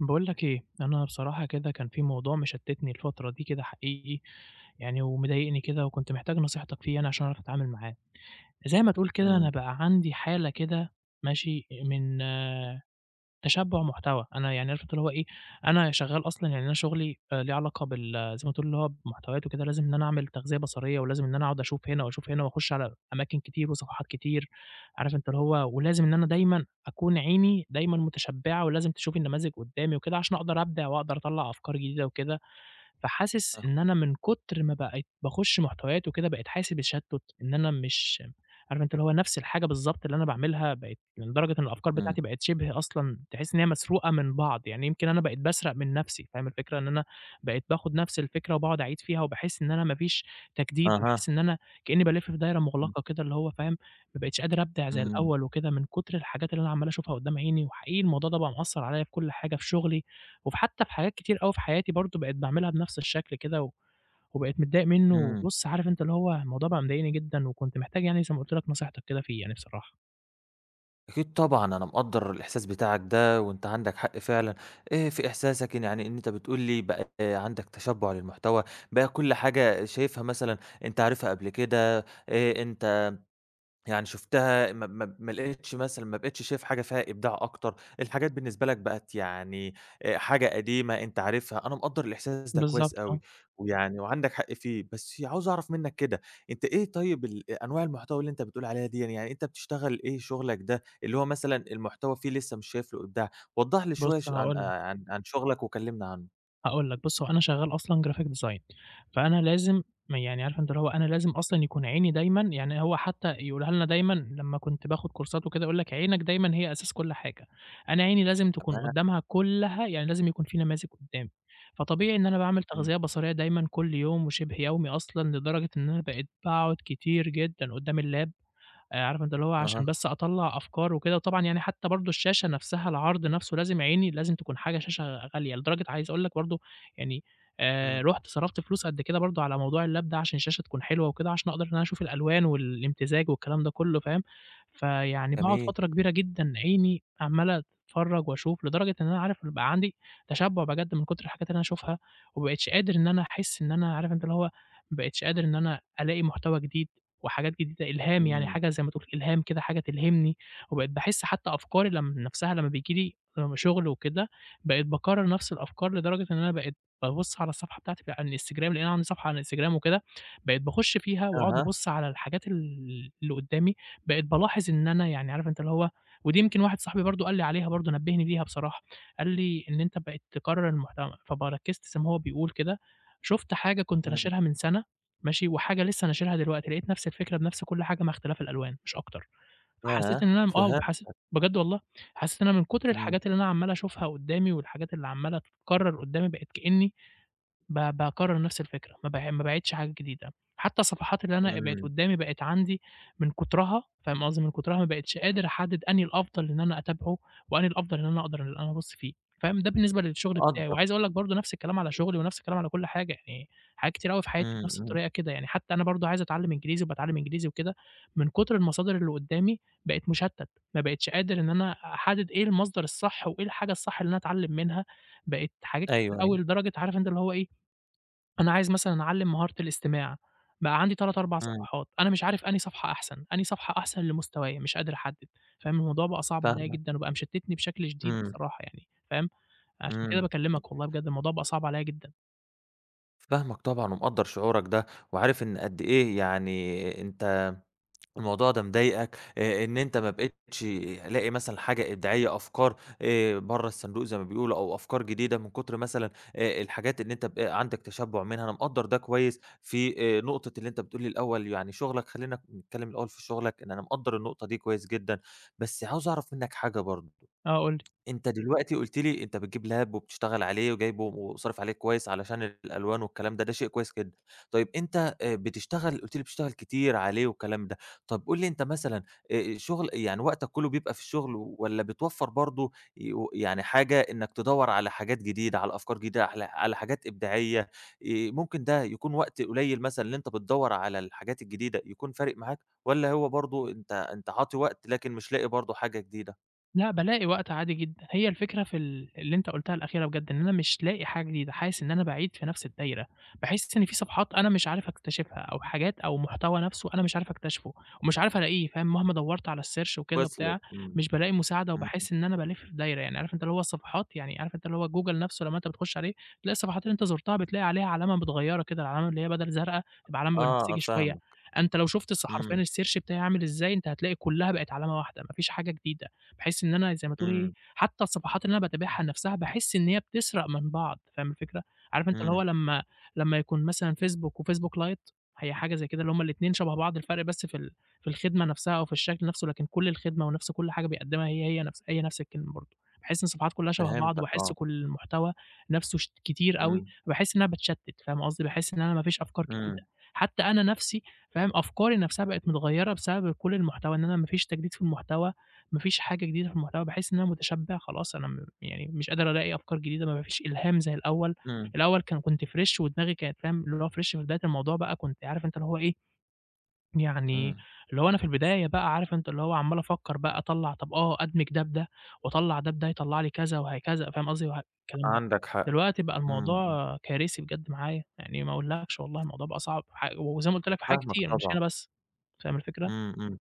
باقول لك إيه، أنا بصراحة كده كان في موضوع مشتتني الفترة دي كده حقيقي يعني ومضايقني كده وكنت محتاج نصيحتك فيه يعني عشان أعرف أتعامل معاه. زي ما تقول كده أنا إمم. بقى عَندي حالة كده ماشي إ من تشبُّع محتوى، أنا يعني عارف أنت اللي هو إيه، أنا شغّال أصلًا يعني أنا شُغلي آآ ليه علاقة بال زي ما تقول هو بمحتويات و كده لازم إن أنا أعمل تغذية بصرية ولازم إن أنا أقعد أشوف هِنا وأشوف هِنا وأخُش على أماكن كتير وصفحات كتير. عارف أنت اللي هو ولازم إن أنا دايمًا أكون عيني دايمًا متشبعة ولازم تشوف النماذج قدّامي وكده عشان أقدر أبدِع وأقدر أطلّع أفكار جديدة وكده. فحاسس آه. إن أنا من كُتر ما بقيت باخش محتويات وكده بقيت حاسس بتشتت إن أنا مش عارف أنت اللي هو نَفْس الحاجة بالضبط اللي أنا باعملها بقيت من درجة إن الأفكار إمم. بتاعتي بقت شِبه أصلًا تحس ان هي مسروقة من بعض، يعني يمكن أنا بقيت باسرق من نَفْسي. فاهم الفكرة؟ إن أنا بقيت باخد نَفْس الفكرة وباقعد أعيد فيها وباحس إن أنا ما فيش تجديد، أها. باحس إن أنا كأني بالِف في دايرة إمم. مُغلقة كده اللي هو فاهم؟ ما بقيتش قادر أبدِع زي إمم. الأول وكده من كُتر الحاجات اللي أنا عَمّال أشوفها قدّام عيني. وحقيقي الموضوع ده بقى مأثّر عليَّ في كل حاجة في شُغلي وفي حتّى في حاجات كتير أوي في حياتي برضه بقيت باعملها بنَفْس الشكل كده وبقيت متضايق منُّه، إمم. وبُص عارف أنت اللي هو الموضوع بقى مضايقني جدًا وكنت محتاج يعني زي ما قُلت لك نصيحتك كده فيه يعني بصراحة. أكيد طبعًا أنا مقدر الإحساس بتاعك ده وأنت عندك حق فعلًا آآ في إحساسك يعني إن أنت بتقول لي بقى عندك تشبع للمحتوى، بقى كل حاجة شايفها مثلًا أنت عارفها قبل كده، آآ أنت يعني شُفتها ما ما ما لقيتش مثلًا ما بقيتش شايف حاجة فيها إبداع أكتر، الحاجات بالنسبة لك بقت يعني آآ حاجة قديمة أنت عارفها، أنا مقدر الإحساس ده كويس بالضبط أوي آه. ويعني وعندك حق فيه، بس عاوز أعرف منك كده أنت إيه طيب ال أ أنواع المحتوى اللي أنت بتقول عليها ديًّا يعني يعني أنت بتشتغل إيه شغلك ده اللي هو مثلًا المحتوى فيه لسه مش شايف له إبداع؟ وضّح لي شوية بص ش عن هاقول لك. آآ عن شغلك وكلمني عنه. هاقول لك بُص هو أنا شغال أصلًا graphic design، فأنا لازم م يعني عارف أنت اللي هو أنا لازم أصلًا يكون عيني دايمًا يعني هو حتى يقولها لنا دايمًا لمّا كنت باخد كورسات وكده يقول لك: "عينك دايمًا هي أساس كل حاجة،" أنا عيني لازم تكون تمام. قدامها كلها يعني لازم يكون في نماذج قدامي، فطبيعي إن أنا باعمل إمم. تغذية بصرية دايمًا كل يوم وشبه يومي أصلًا لدرجة إن أنا بقيت باقعد كتير جدًا قدام اللاب. آآ عارف أنت اللي هو أها. عشان بس أطلّع أفكار وكده، وطبعا يعني حتى برضه الشاشة نفسها العرض نفسه لازم عيني لازم تكون حاجة شاشة غالية، لدرجة عايز أقول لك برضه يعني آآ إمم. رُحت صرفت فلوس قد كده برضه على موضوع اللاب ده عشان الشاشة تكون حلوة وكده عشان أقدر أنا أشوف الألوان والإمتزاج والكلام ده كله فاهم. فيعني باقعد جميل. فترة كبيرة جدًا عيني عمال أتفرج وأشوف لدرجة إن أنا عارف يبقى عندي تشبع بجد من كتر الحاجات اللي أنا أشوفها وما بقيتش قادر إن أنا أحس إن أنا عارف اللي هو ما بقيتش قادر إن أنا ألاقي محتوى جديد وحاجات جديدة إلهام يعني إمم. حاجة زي ما تقول إلهام كده حاجة تلهمني، وبقيت باحس حتى أفكاري لم نفسها لما بييجي لي شغل وكده بقيت باكرر نفس الأفكار لدرجة إن أنا بقيت بابص على الصفحة بتاعتي على الانستجرام؛ لأن أنا عندي صفحة على الانستجرام وكده، بقيت باخش فيها وأقعد أها. أبص على الحاجات ال اللي قدامي بقيت بالاحظ إن أنا يعني عارف أنت اللي هو ودي يمكن واحد صاحبي برضه قال لي عليها برضه نبهني بيها بصراحة قال لي: إن "أنت بقيت تكرر المحتوى" فب ركزت زي ماهو بيقول كده شُفت حاجة كنت إمم. ناشرها من سنة ماشي وحاجة لسه ناشرها دلوقتي، لقيت نفس الفكرة بنفس كل حاجة مع اختلاف الألوان مش أكتر. فحسيت إن ياه أنا آه حسيت فهمتك. بجد والله حسيت إن أنا من كتر امم. الحاجات اللي أنا عمال أشوفها قدامي والحاجات اللي عمالة تتكرر قدامي بقيت كأني ب باكرر نفس الفكرة ما ب ما باعيدش حاجة جديدة، حتى الصفحات اللي أنا بقت إمم. قدامي بقت عندي من كترها فاهم قصدي من كترها ما بقيتش قادر أحدد أنهي الأفضل إن أنا أتابعه وأنهي الأفضل إن أنا أقدر أنا أبص فيه فاهم، ده بالنسبة للشغل بتاعي تقدّر. وعايز أقول لك برضه نفس الكلام على شغلي ونفس الكلام. على كل حاجة يعني حاجات كتير أوي في حياتي إمم بنفس إمم. الطريقة كده يعني حتى أنا برضه عايز أتعلم إنجليزي وباتعلم إنجليزي وكده من كتر المصادر اللي قدامي بقيت مشتت ما بقيتش قادر إن أنا أحدد إيه المصدر الصح وإيه الحاجة الصح اللي أنا أتعلم منها، بقيت حاجات كتير أيوه أوي أيوه. لدرجة عارف أنت اللي هو إيه. أنا عايز مثلًا أعلم مهارة الاستماع بقى عندي 3، 4 امم. صفحات، أنا مش عارف أنهي صفحة أحسن أنهي صفحة أحسن لمستوايا مش قادر أحدد فاهم الموضوع بقى صعب عليّا فاهمك. جدًا، وبقى مشتتني بشكل شديد إمم. بصراحة يعني فاهم عشان كده امم. باكلمك والله بجد الموضوع بقى صعب عليّا جدًا. فاهمك طبعًا ومقدَّر شعورك ده وعارف إن قد إيه يعني أنت الموضوع ده مضايقك، آآ إن أنت ما بقيتش لاقي مثلًا حاجة إبداعية أفكار آآ برا الصندوق زي ما بيقولوا أو أفكار جديدة من كُتر مثلًا آآ الحاجات إن أنت ب عندك تشبُّع منها، أنا مقدَّر ده كويس في آآ نقطة اللي أنت بتقول لي الأول يعني شغلك خلينا نتكلم الأول في شغلك؛ لإن أنا مقدَّر النقطة دي كويس جدًا، بس عاوز أعرف منك حاجة برضو، آه قل لي. أنت دلوقتي قلت لي أنت بتجيب لاب وبتشتغل عليه وجايبه وصارف عليه كويس علشان الألوان والكلام ده، ده شيء كويس جدًا، طيب أنت آآ بتشتغل قلت لي بتشتغل كتير عليه والكلام ده، طَب قل لي أنت مثلًا آآ شغل يعني وقتك كله بيبقى في الشغل والّا بتوفَّر برضو ي يعني حاجة إنك تدوَّر على حاجات جديدة على أفكار جديدة على على حاجات إبداعية ي ممكن ده يكون وقت قليل مثلًا اللي أنت بتدوَّر على الحاجات الجديدة يكون فارق معاك والّا هو برضو أنت أنت عاطي وقت لكن مش لاقي برضو حاجة جديدة؟ لأ بالاقي وقت عادي جدًا، هي الفكرة في ال اللي أنت قلتها الأخيرة بجد إن أنا مش لاقي حاجة جديدة، حاسس إن أنا باعيد في نفس الدايرة، باحس إن فيه صفحات أنا مش عارف أكتشفها أو حاجات أو محتوى نفسه أنا مش عارف اكتشفه ومش عارف ألاقيه فاهم، مهما دوَّرت على الsearch وكده وصِلِت وبتاع إمم. مش بالاقي مساعدة إمم. وباحس إن أنا بالِف في دايرة، يعني عارف أنت اللي هو الصفحات يعني عارف أنت اللي هو جوجل نفسه لما أنت بتخش عليه تلاقي الصفحات اللي أنت زُرتها بتلاقي عليها علامة متغيرة كده العلامة اللي هي بَدَل زرقا تبقى علامة آه بنفسجي شوية، فاهمك. أنت لو شُفت الص حرفيًا إمم. الsearch بتاعي عامل إزاي أنت هتلاقي كلها بقت علامة واحدة ما فيش حاجة جديدة. باحس إن أنا زي ما تقول إيه إمم. حتى الصفحات اللي أنا باتابعها نفسها باحس إن هي بتسرق من بعض فاهم الفكرة، عارف أنت اللي هو إمم. لما لما يكون مثلًا فيسبوك وفيسبوك لايت هي حاجة زي كده اللي هُم الاتنين شبه بعض الفَرْق بس في ال في الخدمة نفسها أو في الشكل نفسه، لكن كل الخدمة ونفس كل حاجة بيقدمها هي هي نفس هي نفس الكلمة برضو. باحس إن الصفحات كلها شبه بعض فهمتَك وباحس آه. كل المحتوى نفسه ش كتير أوي إمم. فباحس إن أنا باتشتت فاهم قصدي، باحس إن أنا ما فيش أفكار جديدة، إمم. حتى أنا نفسي فاهم أفكاري نفسها بقت متغيرة بسبب كل المحتوى إن أنا ما فيش تجديد في المحتوى ما فيش حاجة جديدة في المحتوى باحس إن أنا متشبع خلاص أنا م يعني مش قادر ألاقي أفكار جديدة م ما فيش إلهام زي الأول، إمم. الأول كان كنت fresh ودماغي كانت فاهم اللي هو fresh في بداية الموضوع بقى كنت عارف أنت اللي هو إيه، يعني إمم. اللي هو أنا في البداية بقى عارف أنت اللي هو عَمَّال أفكر بقى أطلَّع طَب آه أدمج ده بده وأطلَّع ده بده يطلَّع لي كذا وهكذا فاهم قصدي وه الكلام ده. عندك حق. دلوقتي بقى إمم إمم. الموضوع كارثي بجد معايا، يعني ما أقولكش والله الموضوع بقى صعب ح وزي ما قلت لك في حاجات فاهمك كتير مش طبعًا. هنا بس، فاهم الفكرة؟ إمم إمم.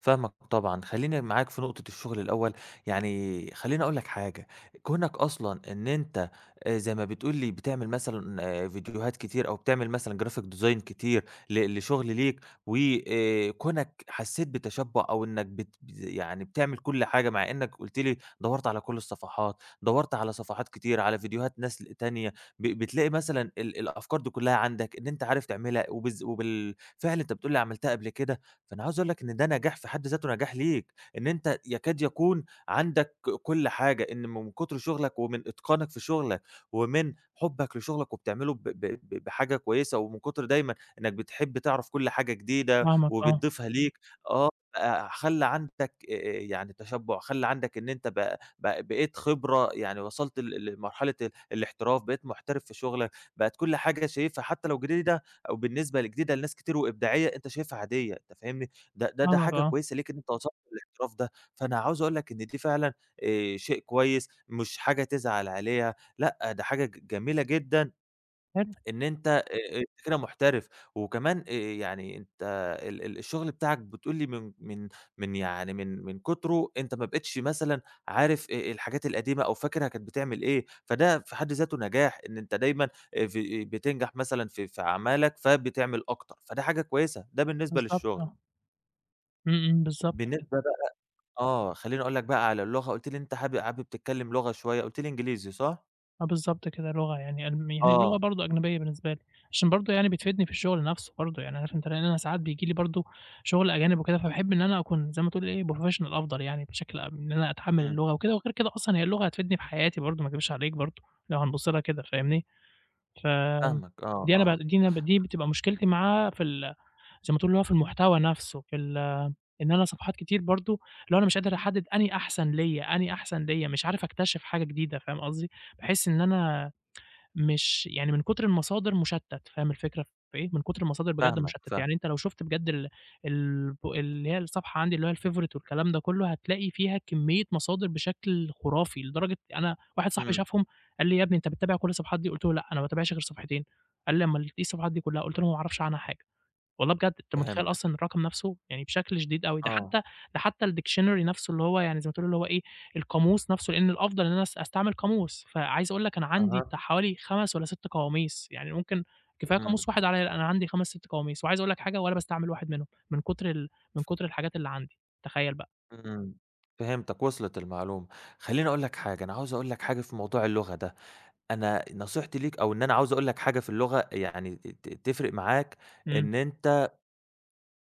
فاهمك طبعًا. خليني معاك في نقطة الشغل الأول يعني خليني أقول لك حاجة، كونك أصلًا إن أنت آآ زي ما بتقول لي بتعمل مثلًا فيديوهات كتير أو بتعمل مثلًا graphic design كتير ل لشغل ليك، و آآ كونك حسيت بتشبُّع أو إنك بت يعني بتعمل كل حاجة مع إنك قلت لي دوَّرت على كل الصفحات، دوَّرت على صفحات كتير على فيديوهات ناس تانية، ب بتلاقي مثلًا ال الأفكار دي كلها عندك إن أنت عارف تعملها وبالذ وبالفعل أنت بتقول لي عملتها قبل كده، فأنا عايز أقول لك إن ده نجاح في حد ذاته نجاح ليك؛ إن أنت يكاد يكون عندك كل حاجة، إن من كُتر شغلك ومن إتقانك في شغلك ومن حُبك لشغلك وبتعمله ب ب ب بحاجة كويسة، ومن كُتر دايمًا إنك بتحب تعرَف كل حاجة جديدة فاهمك آه. وبتضيفها ليك آه بقى خلّى عندك آآ آآ يعني تشبُّع، خلّى عندك إن أنت ب ب بقيت خبرة يعني وصَلت ل لمرحلة ال الاحتراف بقيت محترف في شغلك، بقت كل حاجة شايفها حتى لو جديدة أو بالنسبة ل جديدة لناس كتير وإبداعية، أنت شايفها عادية أنت فاهمني، ده ده ده فاهمك حاجة آه. كويسة ليك إن أنت وصَلت الاحتراف ده، فأنا عاوز أقول لك إن دي فعلًا آآ شيء كويس مش حاجة تزعل عليها لأ ده حاجة ج جميلة جدًا حلو. إن أنت آآ انت كده محترف، وكمان آآ يعني أنت ال ال الشغل بتاعك بتقول لي من من من يعني من من كُتره أنت ما بقيتش مثلًا عارف آآ آآ الحاجات القديمة أو فاكرها كانت بتعمل إيه، فده في حد ذاته نجاح إن أنت دايمًا آآ ف بتنجح مثلًا في في أعمالك فبتعمل أكتر فده حاجة كويسة. ده بالنسبة بالضبط للشغل. آه. إمم، إمم بالضبط كده. بالنسبة بقى آه خلّيني اقول لك بقى على اللغة، قُلت لي أنت هاب حابب تتكلّم لغة شوية، قُلت لي إنجليزي صح؟ آه بالضبط كده لغة يعني أنا ما هي اللغة آه. برضه أجنبيّة بالنسبة لي، عشان برضه يعني بتفيدني في الشغل نَفْسه برضه يعني علشان تلاقيني أنا ساعات بييجي لي برضه شُغل أجانب وكده، فباحب إن أنا أكون زي ما تقول إيه بروفيشنال أفضل يعني بشكل أم إن أنا أتحمّل إمم. اللغة وكده وغير كده أصلًا هي اللغة هتفيدني في حياتي برضه ما اكدبش عليك برضه، لو هنبُصّ لها كده. فاهمني، فآمم فاهمك آه آه دي أنا ب آه. دي أنا ب دي بتبقى مشكلتي معاها في ال زي ما تقول اللي هو في المحتوى نَفْسه في ال إن أنا صفحات كتير برضه اللي هو أنا مش قادر احدد أنهي أحسن ليَّ أنهي أحسن ليَّ مش عارف اكتشف حاجة جديدة. فاهم قصدي؟ باحس إن أنا مش يعني من كُتر المصادر مشتت. فاهم الفكرة في إيه؟ من كُتر المصادر بجد فاهمك مشتت. فاه يعني أنت لو شُفت بجد ال البو اللي هي الصفحة عَندي اللي هو الfavorite والكلام ده كلّه هتلاقي فيها كميّة مصادر بشكل خُرافي لدرجة أنا واحد صاحبي إمم. شافهم قال لي إيه "يا ابني أنت بتتابع كل الصفحات دي؟" قُلت له "لأ أنا ما باتابعش غير صفحتين." قال لي "امال إيه الصفحات دي كّلها؟" قُلت له "ما اعرفش عنها حاجة." والله بجد أنت متخيّل فهمتك. أصلًا الرقم نَفْسه؟! يعني بشكل شديد أوي ده آه. حتّى ده حتّى الdictionary نَفْسه اللي هو يعني زي ما تقول اللي هو إيه القاموس نَفْسه، لإن الأفضل إن أنا اس استعمل قاموس، فعايز اقول لك أنا عَندي أها. بتاع حوالي 5 والّا 6 قواميس يعني ممكن كفاية إمم. قاموس 1 عليَّ لأ أنا عَندي 5 6 قواميس. وعايز اقول لك حاجة ولا باستعمل 1 منهم، من كُتر ال من كُتر الحاجات اللي عَندي. تخيّل بقى؟ إمم، فهمتك وصلِت المعلومة. خلّيني اقول لك حاجة أنا عاوز اقول لك حاجة في موضوع اللغة ده، أنا أ نصيحتي ليك أو إن أنا عاوز اقول لك حاجة في اللغة يعني ت ت تفرِق معاك إمم. إن أنت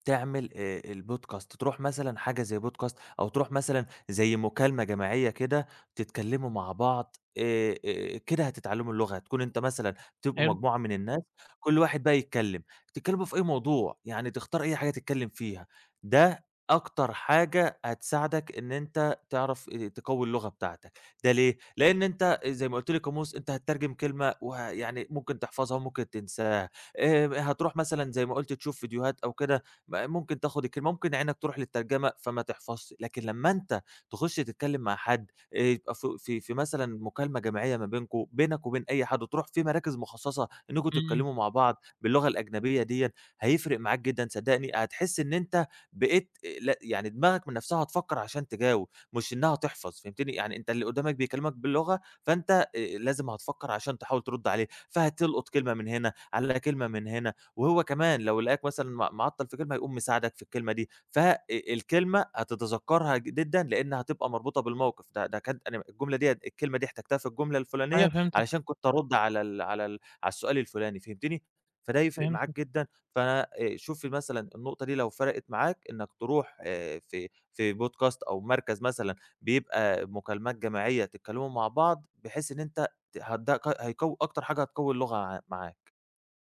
تعمل آآ البودكاست ترُوح مثلًا حاجة زي بودكاست أو ترُوح مثلًا زي مكالمة جماعيّة كده تتكلموا مع بعض آآ آآ كده هتتعلموا اللغة، هتكون أنت مثلًا تبقوا حلو. مجموعة من الناس كل واحد بقى يتكلّم، تتكلموا في أي موضوع يعني تختار أي حاجة تتكلّم فيها ده أكتر حاجة هتساعدك إن أنت تعرف آآ تقوّي اللغة بتاعتك. ده ليه؟ لإن أنت آآ زي ما قُلت لي قاموس أنت هتترجم كلمة وه يعني ممكن تحفظها وممكن تنساها آآ م هترُوح مثلًا زي ما قُلت تشوف ڨيديوهات أو كده مأ ممكن تاخد الكلمة، ممكن عينك ترُوح للترجمة فما تحفظش، لكن لما أنت تخُش تتكلّم مع حد آآ يبقى ف في في مثلًا مكالمة جماعيّة ما بينكم، بينك وبين أي حد، وترُوح في مراكز مخصصة إنّكم إمم. تتكلموا مع بعض باللغة الأجنبية دِيَّة، هيفرِق معاك جدًا صدّقني هتحس إن أنت بقيت آآ لأ يعني دماغك من نَفْسها هتفكّر عشان تجاوب، مش إنّها تحفظ. فهمتني؟ يعني أنت اللي قدّامك بيكلّمك باللغة فأنت إ أ لازم هتفكّر عشان تحاول ترد عليه، فهتلقُط كلمة من هِنا على كلمة من هِنا، وهو كمان لو لقاك مثلًا مع معطّل في كلمة هيقوم مساعدك في الكلمة دي ف إ الكلمة هتتذكّرها جدًا لإنّ هتبقى مربوطة بالمَوقِف ده ده كانت الجملة أنهي مَ الجملة دِيَّة الكلمة دي احتجتها في الجملة أيوَه الفُلانيّة فهمتك. علشان كنت ارد على ال على ال على السؤال الفُلاني. فهمتني؟ فده هيفرق معاك فهمتك. جدًا ف آآ شوف لي مثلًا النقطة دي لو فرقِت معاك إنّك ترُوح آآ في في بودكاست أو مركز مثلًا بيبقى مكالمات جماعيّة تتكلموا مع بعض بحيث إن أنت ت هت ده قي هيقوّي أكتر حاجة هتقوّي اللغة عَ معاك.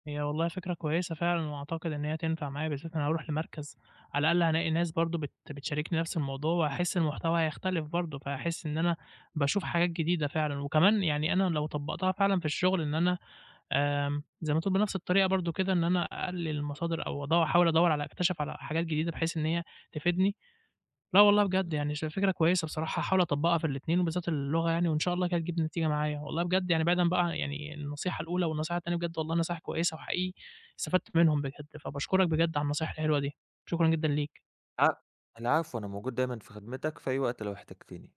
هي والله فكرة كويسة فعلًا وأعتقد إن هي هتنفع معايا، بالذات أنا هارُوح لمركز على الأقل هالاقي ناس برضه بت بتشاركني نَفْس الموضوع وهاحس المحتوى هيختلف برضه، فهاحس إن أنا باشوف حاجات جديدة فعلًا، وكمان يعني أنا لو طبّقتها فعلًا في الشغل إن أنا آمم زي ما تقول بنَفْس الطريقة برضه كده إن أنا أقلل المصادر أو ادوّ احاول ادوّر على أكتشف على حاجات جديدة بحيث إن هي تفيدني. لأ والله بجد إمم. يعني ش فكرة كويسة بصراحة هاحاول اطبّقها في الإتنين وبالذات اللغة يعني، وإن شاء الله كده تجيب نتيجة معايا. والله بجد يعني بعيدًا بقى عن يعني النصيحة الأولى والنصيحة التانية بجد والله نصايح كويسة وحقيقي استفدت منهم بجد، فباشكرك بجد على النصايح الحلوة دي. شكرًا جدًا ليك. ع العفو أنا موجود دايمًا في خدمتك في أي وقت لو احتجتني.